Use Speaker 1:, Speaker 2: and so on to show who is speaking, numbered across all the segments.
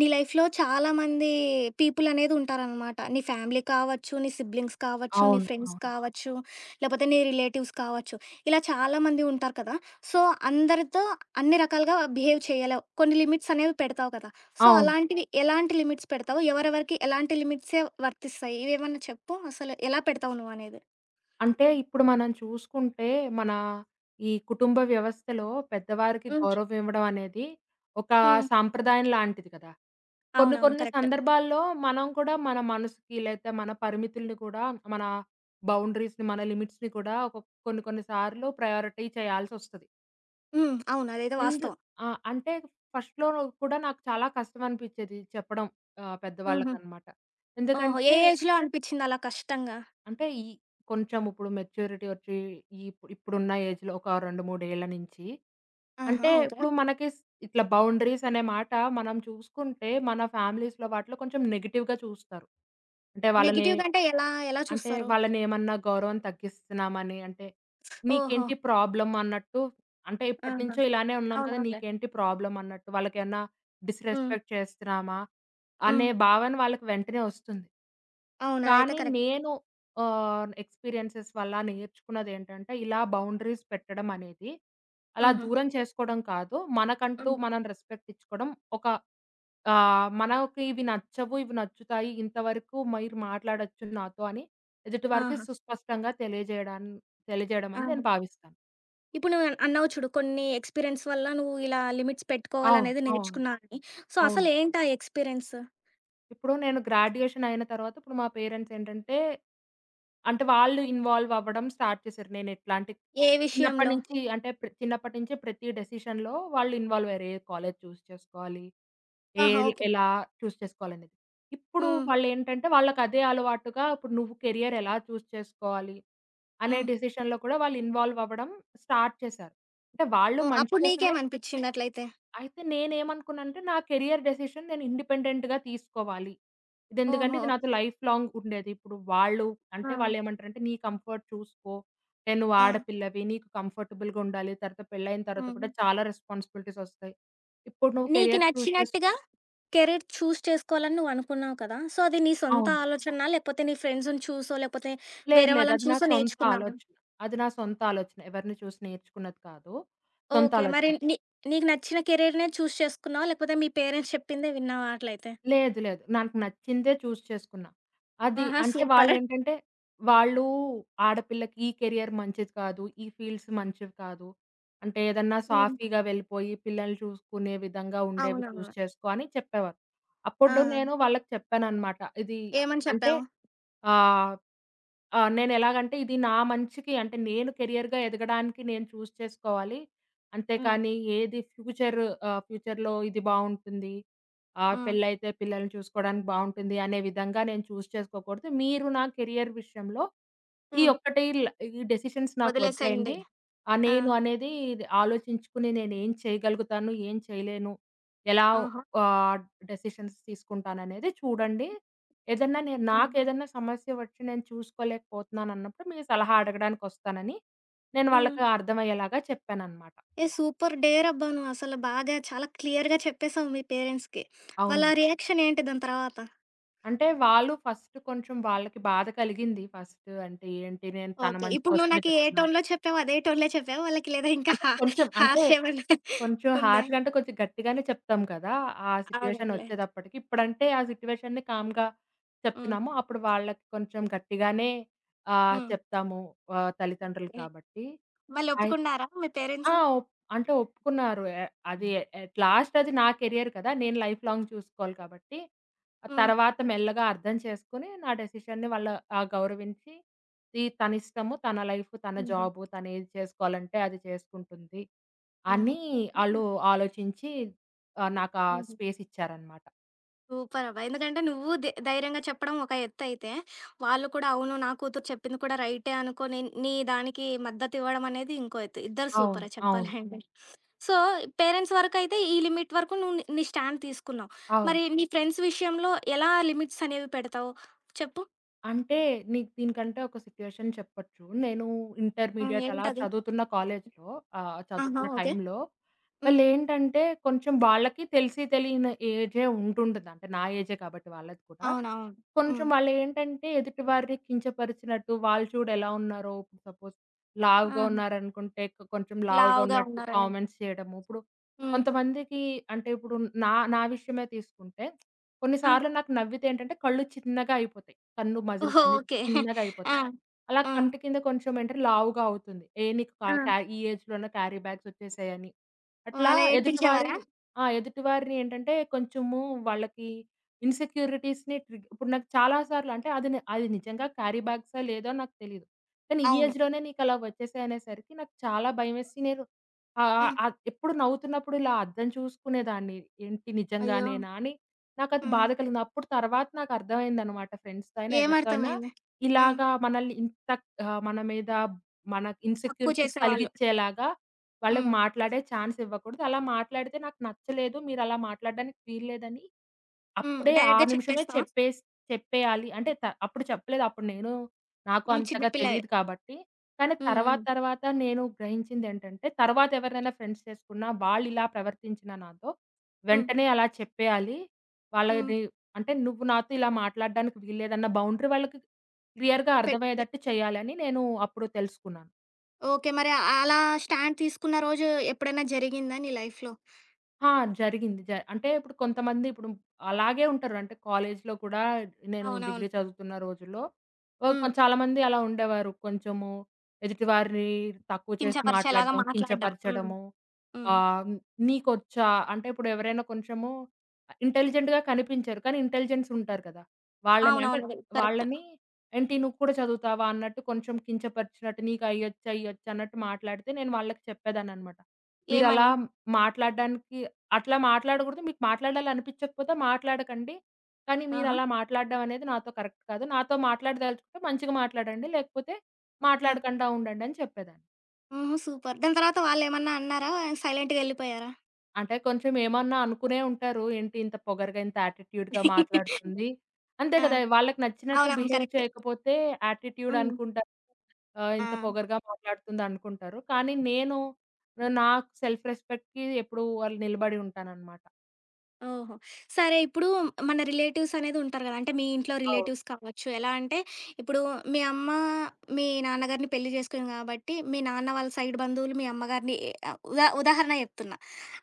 Speaker 1: నీ లైఫ్‌‌లో చాలామంది పీపుల్ అనేదుంటారనమాట. నీ ఫ్యామిలీ కావచ్చు, నీ సిబ్లింగ్స్ కావచ్చు, నీ
Speaker 2: అవును.
Speaker 1: ఫ్రెండ్స్
Speaker 2: అవును.
Speaker 1: కావచ్చు, లేపోతే నీ రిలేటివ్స్ కావచ్చు. ఇలా చాలామంది ఉంటారు కదా! సో అందరితో అన్ని రకాలుగా బిహేవ్ చేయలేవు. కొన్ని లిమిట్స్ అనేవి పెడతావు కదా! సో,
Speaker 2: అవును.
Speaker 1: అలాంటివి ఎలాంటి లిమిట్స్ పెడతావు? ఎవరెవరికి ఎలాంటి లిమిట్సే వర్తిస్తాయి? ఇవేమన్నా చెప్పు? అసలు ఎలా పెడతావు నువ్వనేది?
Speaker 2: అంటే ఇప్పుడు మనం చూసుకుంటే మన ఈ కుటుంబ వ్యవస్థలో పెద్దవారికి
Speaker 1: హ్మ్. చె
Speaker 2: గౌరవం ఇవ్వడం అనేది, ఒక
Speaker 1: హ్మ్.
Speaker 2: సాంప్రదాయం లాంటిది గదా! కొన్ని
Speaker 1: అవునవును.
Speaker 2: కొన్ని
Speaker 1: కరెక్టు.
Speaker 2: సందర్భాల్లో మనం కూడా మన మనసుకి లేతే మన పరిమితులని గూడా మన బౌండరీస్‌ని మన లిమిట్స్‌ని కూడా ఒక కొన్ని కొన్ని సార్లు ప్రయారిటీ చేయాల్సొస్తది.
Speaker 1: హ్మ్. అవును. అదేదో
Speaker 2: ఎందు
Speaker 1: వాస్తవం.
Speaker 2: ఆ! అంటే ఫస్ట్‌లో కూడా నాకు చాలా కష్టం అనిపిచ్చేది చెప్పడం. ఆహ్,
Speaker 1: హుహు.
Speaker 2: పెద్దవాళ్ళకనమాట.
Speaker 1: ఓహో!
Speaker 2: ఎందుకంటే
Speaker 1: ఏ ఏజ్‌లో అనిపిచ్చిందలా కష్టంగా?
Speaker 2: అంటే ఈ కొంచెం ఇప్పుడు మెచ్యూరిటీ ఒచ్చి ఇప్ ఇప్పుడున్న ఏజ్‌లో ఒక 2, 3 ఏళ్ళు నుంచి
Speaker 1: ఆహా!
Speaker 2: అంటే
Speaker 1: ఓకే.
Speaker 2: ఇప్పుడు మనకి స ఇట్లా బౌండరీస్ అనే మాట మనం చూసుకుంటే మన ఫ్యామిలీస్‌లో వాటిలో కొంచెం నెగెటివ్‌గా చూస్తారు. అంటే వాళ్ళని
Speaker 1: నెగెటివ్‌గా అంటే ఎలా, ఎలా
Speaker 2: అంటే
Speaker 1: చూస్తారు?
Speaker 2: వాళ్ళనేమన్నా గౌరవం తగ్గిస్తున్నామని అంటే,
Speaker 1: ఓహో!
Speaker 2: నీకేంటి ప్రాబ్లమ్ అన్నట్టు, అంటే
Speaker 1: ఆహా!
Speaker 2: ఇప్పటినుంచో ఇలానే ఉన్నాం కదా!
Speaker 1: అవునవునులే.
Speaker 2: నీకేంటి ప్రాబ్లమ్ అన్నట్టు వాళ్ళకేమన్నా
Speaker 1: హ్మ్.
Speaker 2: డిస్‌రెస్పెక్ట్ చేస్తున్నామా? అనే
Speaker 1: హ్మ్.
Speaker 2: భావన వాళ్ళకి వెంటనే ఒస్తుంది.
Speaker 1: అవును. అదైతే
Speaker 2: కానీ
Speaker 1: కరెక్ట్.
Speaker 2: నేను ఆహ్, ఎక్స్‌పీరియన్సెస్ వల్ల నేర్చుకున్నదేంటంటే ఇలా బౌండరీస్ పెట్టడం అనేది. అలా
Speaker 1: హుహు.
Speaker 2: దూరం చేసుకోడం కాదు. మనకంటూ
Speaker 1: హ్మ్.
Speaker 2: మనం రెస్పెక్ట్ ఇచ్చుకోవడం ఒక ఆహ్, మనకి ఇది నచ్చవు ఇవి నచ్చుతాయి, ఇంతవరకు మీరు మాట్లాడొచ్చు నాతో అని. ఎదుటి వారకి
Speaker 1: ఆహా!
Speaker 2: సుస్పష్టంగా తెలియజేయడాని తెలియజేయడమని నేను
Speaker 1: అవును.
Speaker 2: భావిస్తాను.
Speaker 1: ఇప్పుడు నువ్వు అన్నావు చూడు కొన్ని ఎక్స్‌పీరియెన్స్ వల్ల నువ్వు ఇలా లిమిట్స్
Speaker 2: అవును.
Speaker 1: పెట్టుకోవాలనేది
Speaker 2: అవును.
Speaker 1: నేర్చుకున్నా అని. సో,
Speaker 2: అవును.
Speaker 1: అసలు ఏంటా ఎక్స్‌పీరియెన్సు?
Speaker 2: ఇప్పుడు నేను గ్రాడ్యుయేషనయిన తర్వాత ఇప్పుడు మా పేరెంట్సేంటంటే, అంటే వాళ్ళు ఇన్‌వాల్వ్ అవ్వడం స్టార్ట్ చేశారు. నేను ఎట్లాంటి
Speaker 1: ఏ
Speaker 2: చిన్నప్పటి
Speaker 1: విషయంలో?
Speaker 2: నుంచి అంటే, ప్ర చిన్నప్పటి నుంచి ప్రతి డెసిషన్‌లో వాళ్ళు ఇన్‌వాల్వయ్యారు. ఏ కాలేజీ చూజ్ చేసుకోవాలి,
Speaker 1: ఆహా!
Speaker 2: L
Speaker 1: okay.
Speaker 2: ఎలా చూజ్ చేసుకోవాలనేది. ఇప్పుడు
Speaker 1: హ్మ్.
Speaker 2: వాళ్ళు ఏంటంటే, వాళ్ళకి అదే అలవాటుగా ఇప్పుడు నువ్వు కెరియర్ ఎలా చూజ్ చేసుకోవాలి, అనే
Speaker 1: హ్మ్.
Speaker 2: డెసిషన్‌లో కూడా వాళ్ళు ఇన్‌వాల్వవ్వడం స్టార్ట్ చేశారు. అంటే వాళ్ళు
Speaker 1: ఓహ్!
Speaker 2: మంచి
Speaker 1: అప్పుడు
Speaker 2: కోసమే
Speaker 1: నీకేమనిపిచ్చింది అట్లయితే?
Speaker 2: అయితే నేనేమనుకున్నాంటే, నా కెరియర్ డెసిషన్ నేను ఇండిపెండెంట్‌గా తీసుకోవాలి. ఇది ఎందుకంటే, ఇది
Speaker 1: ఓహో!
Speaker 2: నాతో లైఫ్ లాంగ్ ఉండేది. ఇప్పుడు వాళ్ళు, అంటే
Speaker 1: ఆ!
Speaker 2: వాళ్ళు ఏమంటారంటే, "నీ కంఫర్ట్ చూసుకో. అంటే నువ్వు
Speaker 1: ఆ!
Speaker 2: ఆడపిల్లవి నీకు కంఫర్టబుల్‌గుండాలి. తర్వాత పెళ్లైనా తర్వాత కూడా
Speaker 1: హ్మ్.
Speaker 2: చాలా రెస్పాన్సిబిలిటీసొస్తాయి. ఇప్పుడు నువ్వు
Speaker 1: నీకు
Speaker 2: కెరియర్ చూజ్ చేసు"
Speaker 1: నచ్చినట్టుగా, కెరీర్ చూజ్ చేసుకోవాలని నువ్వు అనుకున్నావు కదా! సో, అది నీ సొంత
Speaker 2: అవును.
Speaker 1: ఆలోచన? లేకపోతే నీ ఫ్రెండ్స్‌ని చూసో, లేకపోతే
Speaker 2: లేదు.
Speaker 1: వేరే
Speaker 2: లేదు.
Speaker 1: వాళ్ళని
Speaker 2: అది నా
Speaker 1: చూసో
Speaker 2: సొంత
Speaker 1: నేర్చుకున్నావా?
Speaker 2: ఆలోచన. అది నా సొంత ఆలోచన. ఎవరిని చూసి నేర్చుకున్నది కాదు. సొంత
Speaker 1: ఓకే. మరి
Speaker 2: ఆలోచన.
Speaker 1: నీ నీకు నచ్చిన కెరియర్‌నే చూజ్ చేసుకున్నావా? లేకపోతే మీ పేరెంట్స్ చెప్పిందే విన్నావా అట్లయితే?
Speaker 2: లేదు, లేదు. నాకు నచ్చిందే చూజ్ చేసుకున్నా. అది
Speaker 1: ఆహా!
Speaker 2: అంటే
Speaker 1: సూపరు.
Speaker 2: వాళ్ళేంటంటే, వాళ్ళు "ఆడపిల్లకి ఈ కెరియర్ మంచిది కాదు, ఈ ఫీల్డ్స్ మంచివి కాదు. అంటే ఏదన్నా
Speaker 1: హ్మ్.
Speaker 2: సాఫీగా వెళ్ళిపోయి, పిల్లల్ని చూసుకునే విధంగా ఉండేవి చూజ్
Speaker 1: అవునవును.
Speaker 2: చేసుకో" అని చెప్పేవారు. అప్పుడు
Speaker 1: ఆహా!
Speaker 2: నేను వాళ్ళకి చెప్పాననమాట. ఇది
Speaker 1: ఏమని
Speaker 2: అంటే,
Speaker 1: చెప్పావు?
Speaker 2: ఆహ్, ఆహ్, నేను ఎలాగంటే ఇది నా మంచికి అంటే నేను కెరియర్‌గా ఎదగడానికి నేను చూజ్ చేసుకోవాలి. అంతే
Speaker 1: హ్మ్.
Speaker 2: కానీ, ఏది ఫ్యూచర్ ఆహ్, ఫ్యూచర్‌లో ఇది బావుంటుంది, ఆహ్,
Speaker 1: హ్మ్.
Speaker 2: పెళ్లైతే పిల్లల్ని చూసుకోవడానికి బావుంటుంది అనే విధంగా నేను చూజ్ చేసుకోకూడదు. మీరు నా కెరియర్ విషయంలో ఈ
Speaker 1: హ్మ్.
Speaker 2: ఒక్కటి ల ఈ డెసిషన్స్ నాకు
Speaker 1: వదిలేసేయండి.
Speaker 2: వదిలేయండి. ఆ!
Speaker 1: ఆ!
Speaker 2: నేను అనేది ఆలోచించుకొని, నేను ఏం చేయగలుగుతాను ఏం చేయలేను, ఎలా
Speaker 1: ఆహా!
Speaker 2: ఆహ్, డెసిషన్స్ తీసుకుంటాననేది చూడండి. ఏదన్నా, నేను
Speaker 1: అవును.
Speaker 2: నాకేదన్నా సమస్య వచ్చి నేను చూసుకోలేకపోతున్నానన్నప్పుడు మీరు సలహా అడగడానికొస్తానని, నేను వాళ్ళకి
Speaker 1: హ్మ్.
Speaker 2: అర్థమయ్యేలాగా చెప్పాననమాట.
Speaker 1: ఏహ్! సూపర్ డేరాబ్బా! నువ్వు అసలు బాగా, చాలా క్లియర్‌గా చెప్పేసావు మీ పేరెంట్స్‌కి.
Speaker 2: అవునండి.
Speaker 1: వాళ్ళ రియాక్షనేంటి దాని తర్వాత?
Speaker 2: అంటే, వాళ్ళు ఫస్టు కొంచెం వాళ్ళకి బాధ కలిగింది ఫస్టు అంటే ఏంటి నేను తన
Speaker 1: ఓకే.
Speaker 2: మంచి
Speaker 1: ఇప్పుడు నువ్వు
Speaker 2: కోసమే
Speaker 1: నాకే
Speaker 2: చెప్తున్నా
Speaker 1: టోన్‌లో చెప్పావో, అదే టోన్‌లో చెప్పావా? వాళ్ళకి లేదా ఇంకా
Speaker 2: అంటే
Speaker 1: హ
Speaker 2: కొంచెం. అంటే
Speaker 1: హార్షేవన్నా
Speaker 2: కొంచెం
Speaker 1: ఉందా.
Speaker 2: హార్ష్‌గా అంటే, కొంచెం గట్టిగానే చెప్తాం కదా! ఆ
Speaker 1: అవునవునులే.
Speaker 2: సిట్యుయేషనొచ్చేటప్పటికి ఇప్పుడంటే, ఆ సిట్యుయేషన్‌ని కామ్‌గా
Speaker 1: హ్మ్.
Speaker 2: చెప్తున్నాము. అప్పుడు వాళ్ళకి కొంచెం గట్టిగానే, ఆహ్,
Speaker 1: హ్మ్.
Speaker 2: చెప్తాము ఆహ్, తల్లిదండ్రులు
Speaker 1: ఓకే.
Speaker 2: కాబట్టి. అయిత్
Speaker 1: మళ్ళొప్పుకున్నారా మీ పేరెంట్స్?
Speaker 2: ఆ! ఒప్ అంటే ఒప్పుకున్నారు. ఎ అది
Speaker 1: హ్మ్.
Speaker 2: అట్ లాస్ట్ అది నా కెరియర్ కదా! నేను లైఫ్ లాంగ్ చూసుకోవాలి కాబట్టి,
Speaker 1: హ్మ్.
Speaker 2: తర్వాత మెల్లగా అర్థం చేసుకొని, నా డెసిషన్ని వాళ్ళు ఆహ్, గౌరవించి ఇది తన ఇష్టము, తన లైఫ్ తన
Speaker 1: హుహు.
Speaker 2: జాబు, తను ఏది చేసుకోవాలంటే అది చేసుకుంటుంది.
Speaker 1: హుహు.
Speaker 2: అని ఆళ్ళు
Speaker 1: [unintelligible]
Speaker 2: ఆలోచించి, ఆహ్, నాకా
Speaker 1: హుహు.
Speaker 2: స్పేసిచ్చారనమాట.
Speaker 1: సూపర్ అబ్బ! ఎందుకంటే నువ్వు దె ధైర్యంగా చెప్పడం ఒక ఎత్తు అయితే, వాళ్ళు కూడా అవును నా కూతురు చెప్పింది కూడా రైటే అనుకోని నీ దానికి మద్దతు ఇవ్వడం అనేది ఇంకో ఎత్తు. ఇద్దరు
Speaker 2: అవును.
Speaker 1: సూపరే
Speaker 2: అవును.
Speaker 1: చెప్పాలంటే. సో, పేరెంట్స్ వరకైతే ఈ లిమిట్ వరకు నువ్వు న్ నీ స్టాండ్ తీసుకున్నావు.
Speaker 2: అవును.
Speaker 1: మరి నీ ఫ్రెండ్స్ విషయంలో ఎలా లిమిట్స్ అనేవి పెడతావు? చెప్పు?
Speaker 2: అంటే నీకు దీనికంటే ఒక సిట్యుయేషన్ చెప్పచ్చు. నేను
Speaker 1: హ్మ్.
Speaker 2: ఇంటర్మీడియట్ అలా
Speaker 1: ఏంటది?
Speaker 2: చదువుతున్న కాలేజిలో ఆహ్,
Speaker 1: ఆహా!
Speaker 2: చదువుతున్న
Speaker 1: ఓకే.
Speaker 2: టైంలో
Speaker 1: హ్మ్.
Speaker 2: వాళ్ళేంటంటే, కొంచం వాళ్ళకీ తెలిసి తెలియని ఏజే ఉండి ఉంటదీ. అంటే నా ఏజే కబ్బటి వాళ్ళది కూడా.
Speaker 1: అవునవును. హ్మ్.
Speaker 2: కొంచం వాళ్ళేంటంటే, ఎదుటి వారిని కించపరిచినట్టు వాళ్ళు చూడు ఎలా ఉన్నారో సపోస్
Speaker 1: ఆహా!
Speaker 2: లావుగావున్నారనుకుంటే, కొ కొంచం లావుగా
Speaker 1: లావుగా
Speaker 2: ఉన్నట్టు
Speaker 1: ఉన్నారని.
Speaker 2: కామెంట్స్ చేయటము. ఇప్పుడు
Speaker 1: హ్మ్.
Speaker 2: కొంతమందికీ అంటే ఇప్పుడు నా నా విషయమే తీసుకుంటే, కొన్ని
Speaker 1: ఆ!
Speaker 2: సార్లు నాకు నవ్వితే ఏంటంటే కళ్ళు చిన్నగా అయిపోతాయి, కన్ను మజిల్స్
Speaker 1: ఓహో!
Speaker 2: అన్నీ
Speaker 1: ఓకే.
Speaker 2: చిన్నగా అయిపోతాయి.
Speaker 1: ఆ!
Speaker 2: అలా
Speaker 1: హ్మ్.
Speaker 2: కంటి కింద కొంచెం అంటే లావుగా అవుతుంది. ఏ నీకు కా
Speaker 1: ఆ!
Speaker 2: క్యా ఈ ఏజ్‌లోనే క్యారీ బ్యాగ్స్ వచ్చేసాయని.
Speaker 1: ఓహ్!
Speaker 2: అట్లా
Speaker 1: అలా
Speaker 2: ఎదుటివారి
Speaker 1: ఏడిపించేవారా?
Speaker 2: ఆ! ఎదుటివారిని ఏంటంటే, కొంచెము వాళ్ళకీ ఇన్సెక్యూరిటీస్‌ని ట్రిగ్ ఇప్పుడు నాకు చాలా సార్లు అంటే అది ని అది నిజంగా క్యారిబాగ్స్, లేదో నాకు తెలీదు. కానీ, ఈ
Speaker 1: అవును.
Speaker 2: ఏజ్‌లోనే నీకు అలా వచ్చేసాయి అనేసరికి నాకు చాలా భయమేసి నేను, ఆహ్, ఆహ్,
Speaker 1: హ్మ్.
Speaker 2: ఆహ్, ఎప్పుడు నవ్వుతున్నప్పుడు ఇలా అద్దం చూసుకునేదాన్ని ఏంటి
Speaker 1: అయ్యో!
Speaker 2: నిజంగానేనా అని? నాకది
Speaker 1: హ్మ్.
Speaker 2: బాద కలిగింది. అప్పుడు తర్వాత నాకు అర్థమైందనమాట. ఫ్రెండ్స్‌తో అయినా ఎవరితో అయినా,
Speaker 1: ఏమర్థమైంది? హ్మ్.
Speaker 2: ఇలాగా మనల్ని ఇంత ఆహ్, మన మీద మన
Speaker 1: తక్కువ
Speaker 2: ఇన్సెక్యూరిటీస్
Speaker 1: చేసేవాళ్ళు.
Speaker 2: కలిగిచ్చేలాగా, వాళ్ళకి
Speaker 1: హ్మ్.
Speaker 2: మాట్లాడే ఛాన్స్ ఇవ్వకూడదు. అలా మాట్లాడితే నాకు నచ్చలేదు. మీరలా మాట్లాడడానికి వీల్లేదని,
Speaker 1: హ్మ్.
Speaker 2: అప్పుడే ఆ
Speaker 1: డైరెక్ట్‌గా
Speaker 2: నిమిషమే
Speaker 1: చెపేస్తావా?
Speaker 2: చెప్పేసి చెప్పేయాలి. అంటే త అప్పుడు చెప్పలేదు అప్పుడు నేనూ, నాకు
Speaker 1: హ్మ్. చిన్న
Speaker 2: అంతగా
Speaker 1: పిల్లవే.
Speaker 2: తెలీదు కాబట్టి, కానీ
Speaker 1: హ్మ్.
Speaker 2: తర్వాత
Speaker 1: హ్మ్.
Speaker 2: తర్వాత నేను గ్రహించిందేంటంటే, తర్వాత ఎవరైనా ఫ్రెండ్స్ చేసుకున్నా వాళ్ళు ఇలా ప్రవర్తించినా నాతో,
Speaker 1: హ్మ్.
Speaker 2: వెంటనే అలా చెప్పేయాలి. వాళ్ళ
Speaker 1: హ్మ్.
Speaker 2: ది అంటే నువ్వు నాతో ఇలా మాట్లాడడానికి వీలులేదన్న బౌండరీ వాళ్ళకి క్ క్లియర్‌గా
Speaker 1: పెడితే
Speaker 2: అర్థమయ్యేదట్టు చేయాలని నేను అప్పుడు తెలుసుకున్నాను.
Speaker 1: ఓకే. మరి అ అలా స్టాండ్ తీసుకున్న రోజు ఎప్పుడ‌న్నా జరిగిందా నీ లైఫ్‌లో?
Speaker 2: ఆ! జరిగింది. జ అంటే ఇప్పుడు కొంతమంది ఇప్పుడు అలాగే ఉంటారు. అంటే కాలేజీ‌లో కూడా నేను
Speaker 1: అవునవును.
Speaker 2: డిగ్రీ చదువుతున్న రోజుల్లో ఓ కొ
Speaker 1: హ్మ్.
Speaker 2: చాలామంది అలా ఉండేవారు. కొంచెము ఎదుటివారిని తక్కువ చేసి
Speaker 1: కించపరిచేలాగా
Speaker 2: మాట్లాడడం,
Speaker 1: మాట్లాడడం. హ్మ్.
Speaker 2: కించపరచడము.
Speaker 1: హ్మ్.
Speaker 2: ఆహ్, నీకొచ్చా అంటే ఇప్పుడు ఎవరైనా కొంచెము అహ్, ఇంటెలిజెంట్‌గా కనిపించరు. కానీ ఇంటెలిజెన్స్ ఉంటారు కదా! వాళ్ళని అంటే
Speaker 1: అవునవును. అదే. కరెక్ట్.
Speaker 2: వాళ్ళని, ఏంటి నువ్వు కూడా చదువుతావా? అన్నట్టు కొంచెం కించపరిచినట్టు నీకు అయ్యొచ్చా, ఇయ్యొచ్చా అన్నట్టు మాట్లాడితే నేను వాళ్ళకి చెప్పేదానన్నమాట. మీరలా
Speaker 1: ఏమని?
Speaker 2: మాట్లాడడానికి అట్లా మాట్లాడకూడదు, మీకు మాట్లాడాలనిపిచ్చకపోతే మాట్లాడకండి. కానీ
Speaker 1: ఆహా!
Speaker 2: మీరలా మాట్లాడడమనేది నాతో కరెక్ట్ కాదు. నాతో మాట్లాడిదలుచుకుంటే మంచిగా మాట్లాడండి లేకపోతే
Speaker 1: ఆ!
Speaker 2: మాట్లాడకండా ఉండండని చెప్పేదాన్ని.
Speaker 1: హుహు. సూపర్. దాని తర్వాత వాళ్ళేమన్నా అన్నారా? సైలెంట్‌గా ఎళ్ళిపోయారా?
Speaker 2: అంటే కొంచమేమన్నా అనుకునే ఉంటారు. ఏంటింత పొగరుగా ఇంత యాటిట్యూడ్‌గా మాట్లాడుతుంది. అంతే
Speaker 1: ఆ!
Speaker 2: కదా! వాళ్ళకి నచ్చినట్టు
Speaker 1: అవునవును.
Speaker 2: Behave
Speaker 1: correct.
Speaker 2: చేయకపోతే యాటిట్యూడ్
Speaker 1: హ్మ్.
Speaker 2: అనుకుంటా. ఆహ్, ఇంత
Speaker 1: ఆ!
Speaker 2: పొగరుగా మాట్లాడుతుందనుకుంటారు. కానీ
Speaker 1: హ్మ్.
Speaker 2: నేను ఆహ్, నాకు సెల్ఫ్ రెస్పెక్ట్‌కి ఎప్పుడూ వాళ్ళు నిలబడి ఉంటానన్నమాట.
Speaker 1: ఓహో! సరే ఇప్పుడు మన రిలేటివ్స్ అనేది ఉంటారు గదా! అంటే మీ ఇంట్లో
Speaker 2: అవును.
Speaker 1: రిలేటివ్స్ కావచ్చు. ఎలా అంటే ఇప్పుడు మీ అమ్మ, మీ నాన్నగారిని పెళ్లి జేసుకోని కాబట్టి, మీ నాన్న వాళ్ళ సైడ్ బంధువులు మీ అమ్మగారిని ఏ ఉదా ఉదాహరణ చెప్తున్నా.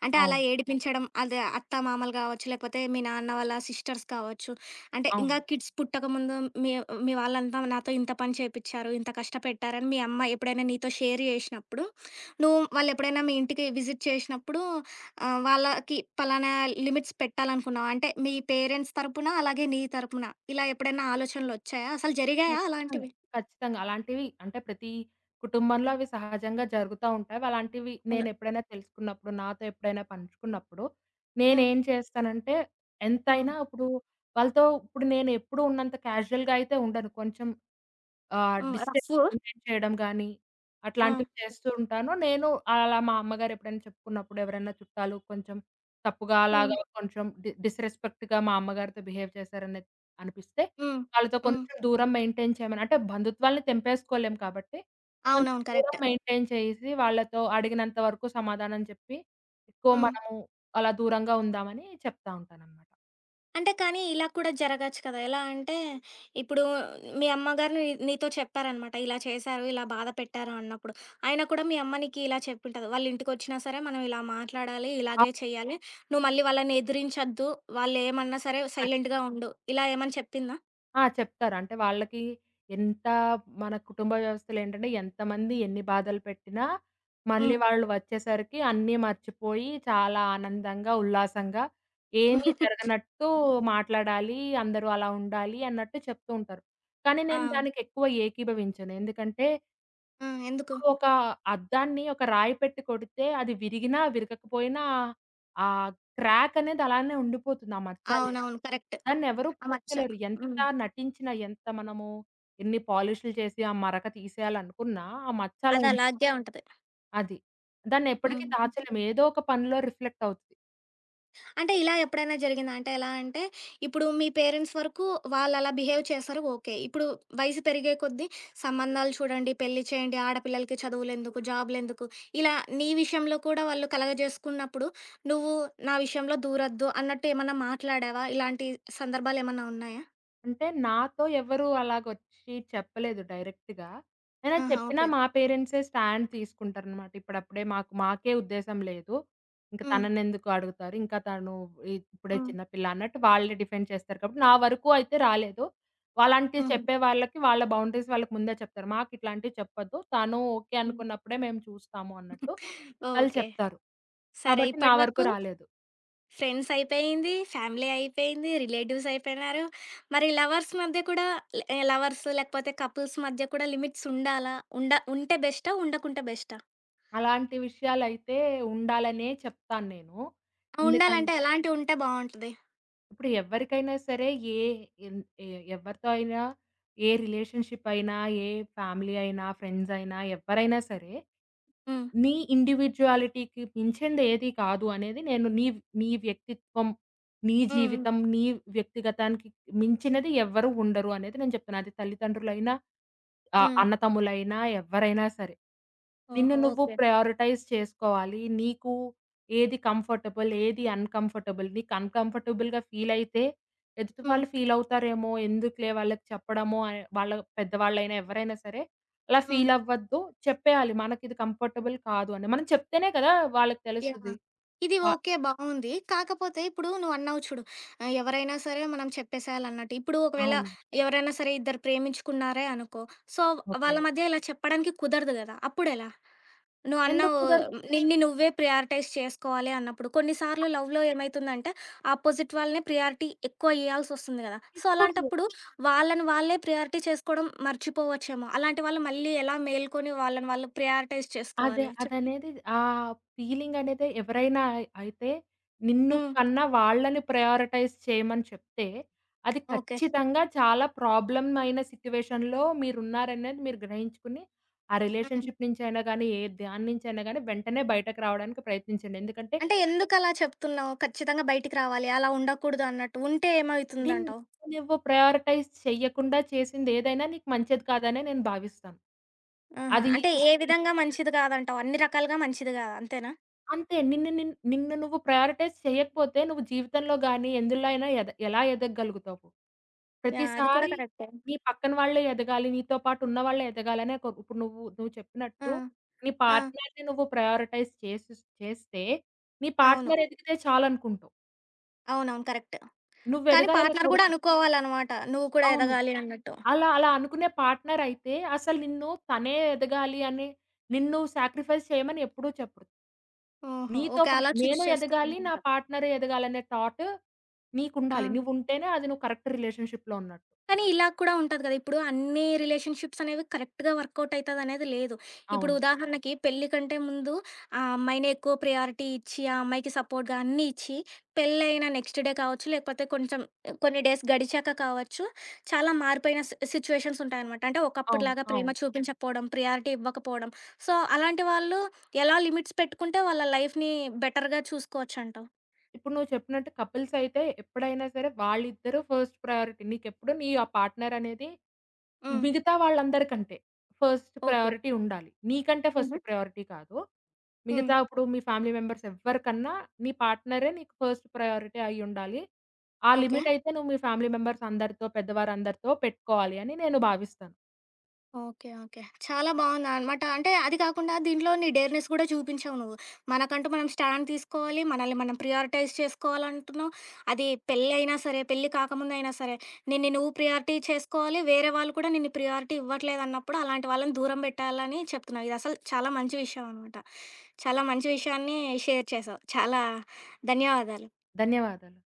Speaker 1: అంటే అలా
Speaker 2: అవును.
Speaker 1: ఏడిపించడం అద అత్త మామలు గావచ్చు, లేపోతే మీ నాన్న వాళ్ళ సిస్టర్స్ కావచ్చు. అంటే, ఇంకా
Speaker 2: అవును.
Speaker 1: కిడ్స్ పుట్టకముందు మీ మీ వాళ్ళంతా నాతో ఇంత పని చేపించారు ఇంత కష్టపెట్టారని మీ అమ్మ ఎప్పుడైనా నీతో షేర్ జేషినప్పుడు నువ్వు వాళ్ళు ఎప్పుడైనా మీ ఇంటికి విజిట్ చేసినప్పుడు ఆహ్, వాళ్ళకి పలానా లిమిట్స్ పెట్టాలనుకున్నాం. అంటే మీ పేరెంట్స్ తరపున అలాగే నీ తరపున ఇలా ఎప్పుడైనా ఆలోచనలు ఒచ్చాయా? అసలు జరిగాయా
Speaker 2: ఖచ్చితంగా
Speaker 1: అలాంటివి?
Speaker 2: ఖచ్చితంగా! అలాంటివి అంటే ప్రతి కుటుంబంలో అవి సహజంగా జరుగుతా ఉంటాయి. అలాంటివి
Speaker 1: ఉనె
Speaker 2: నేను ఎప్పుడైనా తెలుసుకున్నప్పుడు నాతో ఎప్పుడైనా పంచుకున్నప్పుడు
Speaker 1: హ్మ్.
Speaker 2: నేనేం చేస్తానంటే
Speaker 1: హ్మ్.
Speaker 2: ఎంతైనా ఇప్పుడు వాళ్ళతో ఇప్పుడు నేను ఎప్పుడూ ఉన్నంత క్యాజుయల్‌గా అయితే ఉండను. కొంచెం. ఆహ్,
Speaker 1: హ్మ్.
Speaker 2: డిస్టెన్స్
Speaker 1: రఫ్ఫూ?
Speaker 2: మెయింటైన్ చేయడం గానీ.
Speaker 1: ఆ!
Speaker 2: అట్లాంటివి చేస్తూ ఉంటాను. నేను అలా మా అమ్మగారు ఎప్పుడైనా చెప్పుకున్నప్పుడు ఎవరైనా చుట్టాలు కొంచెం తప్పుగా
Speaker 1: హ్మ్.
Speaker 2: అలాగా కొంచెం డి డిస్‌రెస్పెక్ట్‌గా మా అమ్మగారితో బిహేవ్ చేశారనేది అనిపిస్తే.
Speaker 1: హ్మ్.
Speaker 2: వాళ్ళతో
Speaker 1: హ్మ్.
Speaker 2: కొంచెం దూరం మెయింటైన్ చేయమని. అంటే బంధుత్వాల్ని తెంపేసుకోలేము కాబట్టి. కొంచెం
Speaker 1: అవునవును
Speaker 2: దూరం
Speaker 1: కరెక్ట్.
Speaker 2: మెయింటైన్ చేయసి వాళ్ళతో అడిగినంత వరకు సమాధానం చెప్పి. ఎక్కువ
Speaker 1: హ్మ్.
Speaker 2: మనము అలా దూరంగా ఉందామని చెప్తా ఉంటాననమాట.
Speaker 1: అంటే కానీ ఇలా కూడా జరగొచ్చు కదా! ఎలా అంటే ఇప్పుడు మీ అమ్మగారు నీ నీతో చెప్పారనమాట. ఇలా చేశారు, ఇలా బాధపెట్టారు అన్నప్పుడు. ఆయినా కూడా మీ అమ్మ నీకిలా చెప్పుంటది. వాళ్ళింటికొచ్చినా సరే మనం ఇలా మాట్లాడాలి,
Speaker 2: ఆ!
Speaker 1: ఇలాగే చేయాలి. నువ్వు మళ్ళీ వాళ్ళని ఎదిరించొద్దు వాళ్ళేమన్నా సరే
Speaker 2: ఖచ్చి
Speaker 1: సైలెంటుగా ఉండు. ఇలా ఏమన్నా చెప్పిందా?
Speaker 2: ఆ! చెప్తారు. అంటే వాళ్ళకి ఎంత మన కుటుంబ వ్యవస్థలేంటంటే ఎంతమంది ఎన్ని బాధలు పెట్టినా, మళ్ళీ
Speaker 1: హ్మ్.
Speaker 2: వాళ్ళు వచ్చేసరికి అన్నీ మర్చిపోయి చాలా ఆనందంగా, ఉల్లాసంగా ఏమి జరగనట్టు మాట్లాడాలి, అందరూ అలా ఉండాలి అన్నట్టు చెప్తూ ఉంటారు. కానీ నేను
Speaker 1: అవును.
Speaker 2: దానికెక్కువ ఏకీభవించను. ఎందుకంటే
Speaker 1: ఆ! ఎందుకు?
Speaker 2: ఒక అద్దాన్ని ఒక రాయి పెట్టి కొడితే అది విరిగినా, విరగకపోయినా ఆ క్రాకనేది అలానే ఉండిపోతుంది ఆ మచ్చనేది.
Speaker 1: అవునవును. కరెక్ట్.
Speaker 2: నన్ను ఎవరు
Speaker 1: ఆ మచ్చ.
Speaker 2: పూడ్చలేరు. ఎంత
Speaker 1: హ్మ్.
Speaker 2: నటించినా, ఎంత మనము ఇన్ని పాలిష్లు చేసి ఆ మరక తీసేయాలనుకున్నా ఆ మచ్చలా ఉండిపో
Speaker 1: అదలాగే ఉంటది.
Speaker 2: అది.
Speaker 1: హ్మ్.
Speaker 2: దాన్నెప్పటకి
Speaker 1: హుహు.
Speaker 2: దాచలేము. ఏదో ఒక పనిలో రిఫ్లెక్టవుతది.
Speaker 1: అంటే ఇలా ఎప్పుడైనా జరిగిందా? అంటే ఎలా అంటే ఇప్పుడు మీ పేరెంట్స్ వరకు వాళ్ళలా బిహేవ్ చేశారు. ఓకే. ఇప్పుడు వయసు పెరిగే కొద్దీ సంబంధాలు చూడండి, పెళ్లి చేయండి, ఆడపిల్లలకి చదువులెందుకు? జాబులెందుకు? ఇలా నీ విషయంలో కూడా వాళ్ళు కలగ చేేసుకున్నప్పుడు నువ్వు నా విషయంలో దూరొద్దు అన్నట్టేమన్నా మాట్లాడావా? ఇలాంటి సందర్భాలేమన్నా ఉన్నాయా?
Speaker 2: అంటే, నాతో ఎవరూ అలాగ వచ్చి చెప్పలేదు డైరెక్ట్‌గా. ఐనా
Speaker 1: ఆాహా!
Speaker 2: చెప్పినా
Speaker 1: ఓకే.
Speaker 2: మా పేరెంట్సే స్టాండ్ తీసుకుంటారనమాట. ఇప్పుడప్పుడే మాకు మాకే ఉద్దేశం లేదు, ఇంక
Speaker 1: హ్మ్.
Speaker 2: తనను ఎందుకు అడుగుతారు? ఇంకా తను ఇ ఇప్పుడే
Speaker 1: హ్మ్.
Speaker 2: చిన్నపిల్ల అన్నట్టు వాళ్ళే డిఫెండ్ చేస్తారు. కాబట్టి నా వరకు అయితే రాలేదు. వలాంటివి
Speaker 1: హ్మ్.
Speaker 2: చెప్పే వాళ్ళకి వాళ్ళ బౌండరీస్ వాళ్ళకి ముందే చెప్తారు. మాకు ఇట్లాంటివి చెప్పద్దు. తను ఓకే
Speaker 1: హ్మ్.
Speaker 2: అనుకున్నప్పుడే మేము చూస్తాము అన్నట్టు. ఆళ్ళు
Speaker 1: ఓకే.
Speaker 2: చెప్తారు.
Speaker 1: సరే
Speaker 2: కాబట్టి నా
Speaker 1: ఇప్పటి
Speaker 2: వరకు
Speaker 1: వరకు.
Speaker 2: రాలేదు.
Speaker 1: ఫ్రెండ్స్ అయిపోయింది, ఫ్యామిలీ అయిపోయింది, రిలేటివ్స్ అయిపోయినారు. మరి లవర్స్ మధ్య కూడా ల లవర్స్, లేకపోతే కపుల్స్ మధ్య కూడా లిమిట్స్ ఉండాలా? ఉండ ఉంటే బెస్టా? ఉండకుంటే బెస్టా?
Speaker 2: అలాంటి విషయాలైతే ఉండాలనే చెప్తాను నేను. ఎందుకం
Speaker 1: ఉండాలంటే ఎలాంటివి ఉంటే బావుంటది?
Speaker 2: ఇప్పుడు ఎవరికైనా సరే ఏ ఎం ఎ ఎవరితో అయినా? ఏ రిలేషన్‌షిప్ అయినా, ఏ ఫ్యామిలీ అయినా, ఫ్రెండ్స్ అయినా ఎవ్వరైనా సరే,
Speaker 1: హ్మ్.
Speaker 2: నీ ఇండివిడ్యువాలిటీకి మించింది ఏది కాదు అనేది నేను నీ నీ వ్యక్తిత్వం, నీ
Speaker 1: హుహు.
Speaker 2: జీవితం, నీ వ్యక్తిగతానికి మించినది ఎవ్వరు ఉండరు అనేది నేను చెప్తున్నా. అది తల్లిదండ్రులైనా, ఆహ్,
Speaker 1: హ్మ్.
Speaker 2: అన్న తమ్ములైనా, ఎవ్వరైనా సరే. నిన్ను
Speaker 1: ఓహో!
Speaker 2: నువ్వు
Speaker 1: ఓకే.
Speaker 2: ప్రయారిటైజ్ చేసుకోవాలి. నీకు, ఏది కంఫర్టబుల్ ఏది అన్‌కంఫర్టబుల్ నీకు అన్‌కంఫర్టబుల్‌గా ఫీల్ అయితే, ఎదుటి
Speaker 1: హ్మ్.
Speaker 2: వాళ్ళు ఫీల్ అవుతారేమో ఎందుకులే వాళ్ళకి చెప్పడము అని వాళ్ళ పెద్దవాళ్ళైనా ఎవరైనా సరే? అలా
Speaker 1: హ్మ్.
Speaker 2: ఫీల్ అవ్వద్దు. చెప్పేయాలి. మనకి ఇది కంఫర్టబుల్ కాదు అని. మనం చెప్తేనే కదా! వాళ్ళకి తెలుస్తది.
Speaker 1: యాహ్! ఇది
Speaker 2: ఆహ్
Speaker 1: ఓకే, బావుంది. కాకపోతే ఇప్పుడు నువ్వన్నావు చూడు. ఆ! ఎవరైనా సరే మనం చెప్పేసేయాలన్నట్టు. ఇప్పుడు ఒకవేళ
Speaker 2: అవును.
Speaker 1: ఎవరైనా సరే! ఇద్దరు ప్రేమించుకున్నారే అనుకో. సో వాళ్ళ
Speaker 2: ఓకే.
Speaker 1: మధ్య ఇలా చెప్పడానికి కుదరదు కదా! అప్పుడెలా?
Speaker 2: ఎందుకు
Speaker 1: నువ్వన్నావు
Speaker 2: కుదరదు?
Speaker 1: నిన్ని నువ్వే ప్రియారిటైజ్ చేసుకోవాలి అన్నప్పుడు. కొన్నిసార్లు లవ్‌లో ఏమైతుందంటే ఆపోజిట్ వాళ్ళనే ప్రియారిటీ ఎక్కువ ఇయాల్సి వస్తుంది కదా! సో
Speaker 2: ఇవ్వకూడదు.
Speaker 1: అలాంటప్పుడు వాళ్ళని వాళ్ళే ప్రియారిటీ చేసుకోవడం మర్చిపోవచ్చేమో. అలాంటి వాళ్ళు మళ్ళీ ఎలా మేలుకొని వాళ్ళని వాళ్ళు ప్రియారిటైజ్
Speaker 2: అదే,
Speaker 1: చేసుకోవాలి చెప్పు?
Speaker 2: అదనేది ఆ ఫీలింగ్ అనేది ఎవరైనా అయితే, నిన్ను
Speaker 1: హ్మ్.
Speaker 2: కన్న వాళ్ళని ప్రయారిటైజ్ చేయమని చెప్తే, అది
Speaker 1: ఓకే.
Speaker 2: ఖచ్చితంగా చాలా ప్రాబ్లమ్ ఐన సిట్యుయేషన్‌లో మీరున్నారనేది మీరు గ్రహించుకొని ఆ
Speaker 1: హుహు.
Speaker 2: రిలేషన్‌షి‌ప్ నుంచైనా గాని ఏ దానినుంచైనా గాని వెంటనే బయటకి రావడానికి ప్రయత్నించండి. ఎందుకంటే
Speaker 1: అంటే, ఎందుకలా చెప్తున్నావు? ఖచ్చితంగా బయటికి రావాలి, అలా ఉండకూడదు అన్నట్టు. ఉంటే
Speaker 2: ధిన్
Speaker 1: ఏమైతుందంటావు?
Speaker 2: నువ్వు ప్రయరిటైజ్ చేయ్యకుండా చేసింది ఏదైనా నీకు మంచిది కాదనే నేను భావిస్తాను.
Speaker 1: ఆహా!
Speaker 2: అది
Speaker 1: అంటే
Speaker 2: ఏది
Speaker 1: ఏ
Speaker 2: ఎన్
Speaker 1: విధంగా మంచిది కాదంటావు. అన్ని రకాలుగా మంచిది కాదు అంతేనా?
Speaker 2: అంతే నిన్ను నిన్ నిన్ను నువ్వు ప్రయారిటైజ్ చేయకపోతే నువ్వు జీవితంలో గాని ఎందులో అయినా ఎద ఎలా ఎదగగలుగుతావు?
Speaker 1: యాహ్! అది కూడా
Speaker 2: ప్రతిసారి
Speaker 1: కరెక్టే.
Speaker 2: నీ పక్కన వాళ్ళే ఎదగాలి నీతో పాటు ఉన్నవాళ్ళే ఎదగాలనే కొ ఇప్పుడు నువ్వు నువ్వు
Speaker 1: ఆ!
Speaker 2: చెప్పినట్టు, నీ
Speaker 1: ఆ!
Speaker 2: పార్ట్నర్‌ని నువ్వు ప్రయారిటైజ్ చేసు చేస్తే నీ
Speaker 1: అవును.
Speaker 2: పార్ట్నర్ ఎదికితే చాలనుకుంటావు.
Speaker 1: అవునవును. కరెక్ట్.
Speaker 2: నువ్వు
Speaker 1: కానీ
Speaker 2: ఎదగాలనే
Speaker 1: పార్ట్నర్ గూడా
Speaker 2: కొడుకు
Speaker 1: అనుకోవాలనమాట. నువ్వు కూడా
Speaker 2: అవును.
Speaker 1: ఎదగాలి అన్నట్టు.
Speaker 2: అలా అలా అనుకునే పార్ట్నరయితే అసలు నిన్ను తనే ఎదగాలి అనే నిన్ను నువ్వు సాక్రిఫైజ్ చేయమని ఎప్పుడూ చెప్పడు.
Speaker 1: ఓహో!
Speaker 2: నీతో
Speaker 1: ఓకే.
Speaker 2: పాటు
Speaker 1: అలా చూజ్
Speaker 2: నేను ఎదగాలి. నా
Speaker 1: చేసుకోవలనమాట.
Speaker 2: Partner ఎదగాలనే thought. నీకుండాలి.
Speaker 1: ఆ!
Speaker 2: నువ్వుంటేనే అది నువ్వు కరెక్ట్ రిలేషన్‌షిప్‌లో ఉన్నట్టు.
Speaker 1: కానీ ఇలా కూడా ఉంటది గదా! ఇప్పుడు అన్నీ రిలేషన్‌షిప్స్ అనేవి కరెక్ట్‌గా వర్క్‌అవుట్ అయితదినేది లేదు. ఇప్పుడు
Speaker 2: అవును.
Speaker 1: ఉదాహరణకి పెళ్ళి కంటే ముందు ఆ అమ్మాయినే ఎక్కువ ప్రయారిటీ ఇచ్చి, ఆ అమ్మాయికి సపోర్ట్‌గా అన్నీ ఇచ్చి, పెళ్ళైన నెక్స్ట్ డే కావచ్చు లేకపోతే కొంచెం కొన్ని డేస్ గడిచాక కావచ్చు, చాలా మారిపోయిన సి సిచ్యుయేషన్స్ ఉంటాయనమాట. అంటే
Speaker 2: అవును.
Speaker 1: ఒకప్పుటిలాగా ప్రేమ
Speaker 2: అవును.
Speaker 1: చూపించకపోడం, ప్రియారిటీ ఇవ్వకపోడం. సో అలాంటి వాళ్ళు ఎలా లిమిట్స్ పెట్టుకుంటే వాళ్ళ లైఫ్‌ని బెటర్‌గా చూసుకోవచ్చంటావు?
Speaker 2: ఇప్పుడు నువ్వు చెప్పినట్టు కపిల్స్ అయితే ఎప్పుడైనా సరే వాళ్ళిద్దరూ ఫస్ట్ ప్రయారిటీ. నీకెప్పుడు నీ ఆ పార్ట్నర్ అనేది
Speaker 1: హ్మ్.
Speaker 2: మిగతా వాళ్ళందరికంటే ఫస్ట్
Speaker 1: ఓకే.
Speaker 2: ప్రయారిటీ ఉండాలి. నీకంటే ఫస్ట్
Speaker 1: హుహు.
Speaker 2: ప్రయారిటీ కాదు.
Speaker 1: హ్మ్.
Speaker 2: మిగతా ఇప్పుడు మీ ఫ్యామిలీ మెంబర్స్ ఎవరికన్నా నీ పార్ట్నరే నీకు ఫస్ట్ ప్రయారిటీ అయి ఉండాలి. ఆ
Speaker 1: ఓకే.
Speaker 2: లిమిట్ అయితే నువ్వు మీ ఫ్యామిలీ మెంబర్స్ అందరితో పెద్దవారందరితో పెట్టుకోవాలి అని నేను భావిస్తాను.
Speaker 1: ఓకే. ఓకే. చాలా బావుందనమాట. అంటే అది కాకుండా దీంట్లో నీ డేర్నెస్ కూడా చూపించావు నువ్వు. మనకంటూ మనం స్టాండ్ తీసుకోవాలి. మనల్ని మనం ప్రియారిటైజ్ చేసుకోవాలంటున్నావు. అది పెళ్ళైనా సరే, పెళ్లి కాకముందైనా సరే నిన్ని నువ్వు ప్రియారిటీ చేసుకోవాలి. వేరే వాళ్ళు కూడా నిన్నిు ప్రియారిటీ ఇవ్వట్లేదన్నప్పుడు అలాంటి వాళ్ళని దూరం బెట్టాలని చెప్తున్నావు. ఇది అసలు చాలా మంచి విషయం అనమాట. చాలా మంచి విషయాన్ని షేర్ చేశావు. చాలా ధన్యవాదాలు.
Speaker 2: ధన్యవాదాలు.